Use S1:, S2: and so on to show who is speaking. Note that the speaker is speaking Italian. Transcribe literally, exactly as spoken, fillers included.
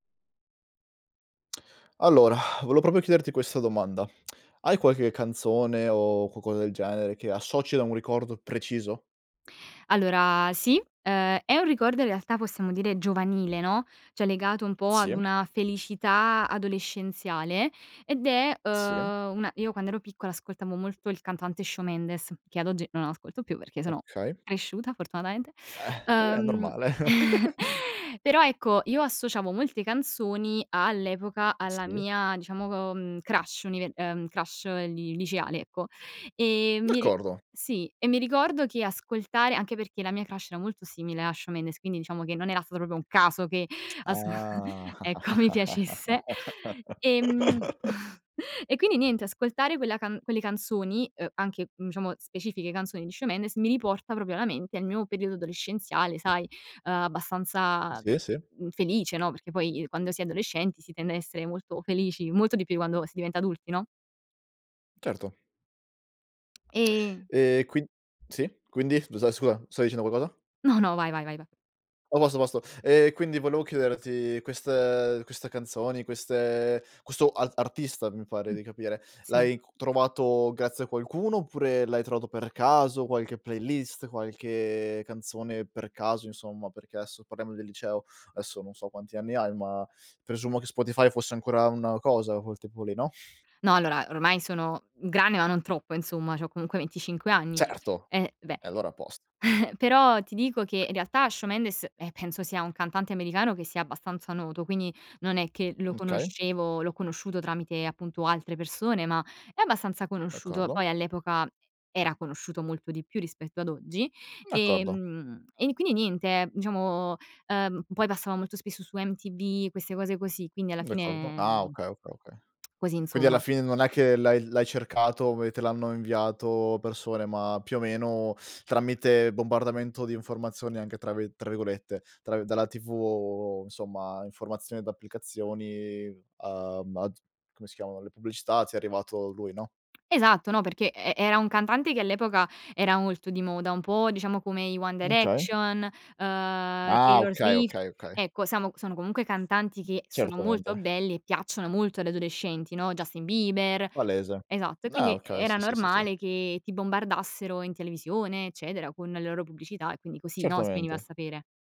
S1: Allora, volevo proprio chiederti questa domanda. Hai qualche canzone o culcosa del genere che associ a un ricordo preciso?
S2: Allora, sì. Uhm, è un ricordo in realtà, possiamo dire, giovanile, no, ceh legato un po' ad
S1: Sì.
S2: una felicità adolescenziale ed è,
S1: Sì.
S2: uhm, una io quando ero piccola ascoltavo molto il cantante Shawn Mendes, che ad oggi non ascolto più perché sono
S1: Okay.
S2: cresciuta fortunatamente.
S1: Eh, è
S2: Uhm,
S1: normale.
S2: però ecco, io associavo molte canzoni all'epoca alla
S1: Sì.
S2: mia diciamo, uhm crush unive ehm crush li liceale, ecco. E mi ri
S1: D'accordo!
S2: sì, e mi ricordo che ascoltare anche perché la mia crush era molto simile a Shawn Mendes, quindi diciamo che non era stato propo un caso che asc
S1: Ah
S2: ecco, mi piacesse ehm, e quindi niente, ascoltare quella ca quelle canzoni, uhm, anche, mhmm, diciamo specifiche canzoni di Shawn Mendes, mi riporta proprio alla mente il mio periodo adolescenziale, sai, uhm, abbastanza,
S1: Sì, sì.
S2: mhmm, felice, no, perché poi, quando si è adolescenti, si tende a essere molto felici, molto di più quando si diventa adulti, no?
S1: Certo.
S2: E
S1: Ehm, quin sì quindi scusa, scua stai dicendo qualcosa?
S2: No, no, vai ,vai, va
S1: oso apposto. Ehm, quindi volevo chiederti, queste queste canzoni, queste questo ar artista mi pare
S2: Mh,
S1: di capire,
S2: sì.
S1: l'hai cu trovato grazie a qualcuno oppure l'hai trovato per caso, qualche playlist qualche canzone, per caso insomma, perché esso parliamo del liceo, esso non so quanti anni hai, ma presumo che Spotify fosse ancora una cosa col tempo lì, no?
S2: No, allora, ormai sono grande ma non troppo insomma, c'ho comunque venticinque anni.
S1: Certo!
S2: E, beh
S1: E allora a posto.
S2: però ti dico che, in realtà Shawn Mendes, eh, penso sia un cantante americano che sia abbastanza noto. Quindi non è che lo
S1: Mh, okay.
S2: conoscevo, l'ho conosciuto tramite, appunto, altre persone, ma è abbastanza conosciuto.
S1: D'accordo.
S2: Poi all'epoca era conosciuto molto di più rispetto ad oggi,
S1: D'accordo.
S2: ehm, e quindi niente, diciamo, uhm, poi passava molto spesso su MTV queste cose così, quindi alla
S1: D'accordo.
S2: fine
S1: Ah, okay, okay, okay.
S2: così
S1: Quindi alla
S2: insomma.
S1: fine non è che l'hai l'hai cercato e te l'hanno inviato persone, ma più o meno, tramite bombardamento di informazioni, anche, tra vi tra virgolette tra vi dalla TV, insomma, informazioni d'applicazioni a baz come si chiamano le pubblicità, ti è arrivato lui, no?
S2: Esatto, no perché e era un cantante che all'epoca era molto di moda, un po' diciamo come i One
S1: Okay.
S2: Direction, uhm,
S1: Ah,
S2: Taylor
S1: okay,
S2: Swift,
S1: okay, okay.
S2: ecco samo sono comunque cantanti che sono molto
S1: Certamente.
S2: belli e piacciono molto agli adolescenti, no? Justin Bieber
S1: Palese.
S2: esatto e
S1: Ah,
S2: quindi
S1: okay,
S2: era
S1: sì, sì, sì, sì.
S2: normale che ti bombardassero in televisione eccetera con le loro pubblicità e quindi così, no, si veniva a
S1: Certamente.
S2: sapere.